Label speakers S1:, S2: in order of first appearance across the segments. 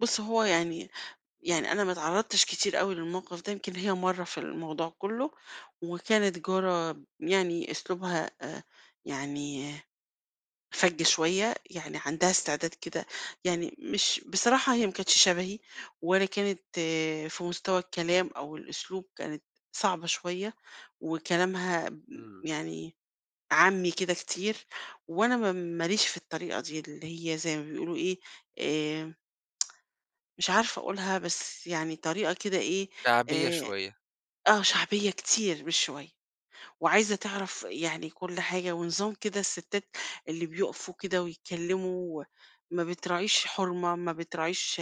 S1: بُص، هو يعني يعني أنا ما اتعرّضتش كتير أوي للموقف ده، يمكن هي مرّة في الموضوع كُلّه، وكانت جارة يعني أسلوبها أ يعني فَج شوية، يعني عندها استعداد كده يعني مش بصراحة هي ما كانتش شبهي ولا كانت في مستوى الكلام أو الأسلوب كانت صعبة شوية وكلامها ب
S2: إمم.
S1: يعني عامّي كده كتير وأنا ما م ماليش في الطريقة دي اللي هي زي ما بيقولوا إيه، آآ مش عارفة أقولها، بس يعني طريقة كده إيه،
S2: شعبية
S1: آآ
S2: شوية.
S1: آه. شعبية كتير مش شوية. وعايزة تعرف يعني كل حاجة ونظام كده الستّات اللي بيُقفوا كده ويتكلّموا وما بتراعيش حُرمة، ما بتراعيش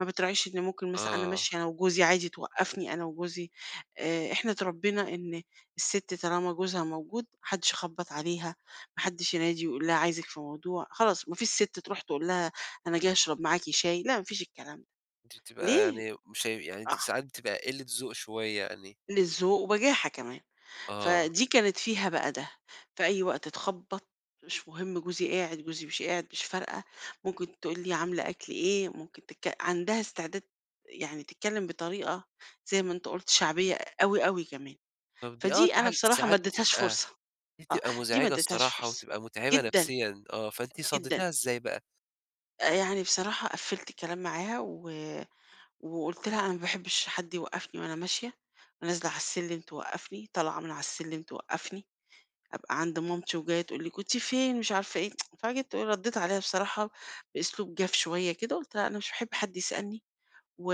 S1: ما بتراعيش إن ممكن مثلًا أنا
S2: آه.
S1: ماشية أنا وجوزي عادي توقّفني أنا وجوزي. آآ إحنا اتربّينا إن السِت طالما جوزها موجود، ما حدّش يخبّط عليها، ما حدّش ينادي ويقول لها عايزِك في موضوع، خلاص ما فيش سِت تروح تقول لها أنا جاية أشرب معاكِ شاي، لأ ما فيش الكلام ده.
S2: دي بتبقى
S1: ليه؟
S2: يعني مش يعني أنتِ
S1: [unintelligible]
S2: ساعات بتبقى قِلّة ذوق شوية يعني.
S1: قِلّة ذوق وبجاحة كمان.
S2: آه.
S1: فدي كانت فيها بقى ده، في أي وقت تخبّط مش مُهم جوزي قاعد، جوزي مش قاعد مش فارقة، ممكن تقول لي عاملة أكل إيه؟ ممكن تتك عندها استعداد يعني تتكلّم بطريقة زي ما أنت قُلت شعبية أوي، أوي كمان.
S2: طب دي آه،
S1: فدي
S2: دي
S1: أنا
S2: حاجة
S1: بصراحة ما
S2: ساعات
S1: ادّيتهاش
S2: بتبقى
S1: فرصة.
S2: دي
S1: آه.
S2: بتبقى
S1: دي ما
S2: مزعجة
S1: ادّيتهاش
S2: الصراحة
S1: فرصة.
S2: وبتبقى متعبة
S1: جدًا.
S2: نفسيًا، آه. فأنتِ
S1: جدًا.
S2: صدّيتيها إزاي بقى؟
S1: آآ يعني بصراحة قفِّلت الكلام معاها و وقُلت لها: "أنا ما باحبّش حد يوقّفني وأنا ماشية." ونازلة على السلِّم توقّفني، طالعة من على السلِّم توقّفني، أبقى عند مامتي وجاية تقول لي: "كنتِ فين،" مش عارفة إيه، فجيت ردّيت عليها بصراحة بأسلوب جاف شوية كده، قُلت لها: "أنا مش باحب حد يسألني و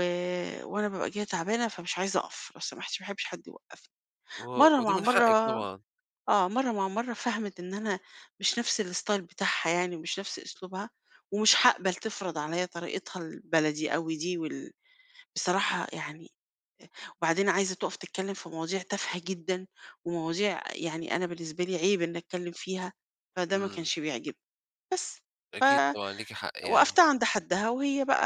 S1: وأنا بابقى جاية تعبانة فمش عايزة أقَف لو سمحتِ ما باحبش حد يوقّفني."
S2: و
S1: مرّة
S2: ودي
S1: مع
S2: من حقِّك
S1: مرّة
S2: طبعًا.
S1: آه. مرّة مع مرّة فَهَمِت إن أنا مش نفس الستايل بتاعها يعني مش نفس أسلوبها ومش حاقبل تفرض عليّا طريقتها البلدي أوي دي وال بصراحة يعني أ وبعدين عايزة تُقَف تتكلّم في مواضيع تافهة جدًا ومواضيع يعني أنا بالنسبة لي عيب إنّي أتكلّم فيها، فده ما
S2: إمم.
S1: كانش بيعجبني. بس، ف
S2: أكيد طبعًا، ليكِ حق يعني.
S1: وقّفتها عند حدّها وهي بقى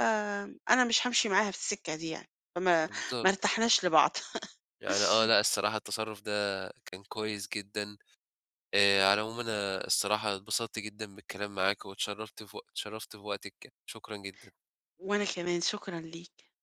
S1: أنا مش هامشي معاها في السِكّة دي يعني، فما ما
S2: يالض
S1: ارتحناش لبعض.
S2: يعني آه. لأ الصراحة التصرُّف ده كان كويس جدًا. آآ على العموم أنا الصراحة اتبسطت جدًا بالكلام معاكِ واتشرّفت في وق اتشرّفت في وقتِك، شكرًا جدًا.
S1: وأنا كمان، شكرًا ليك.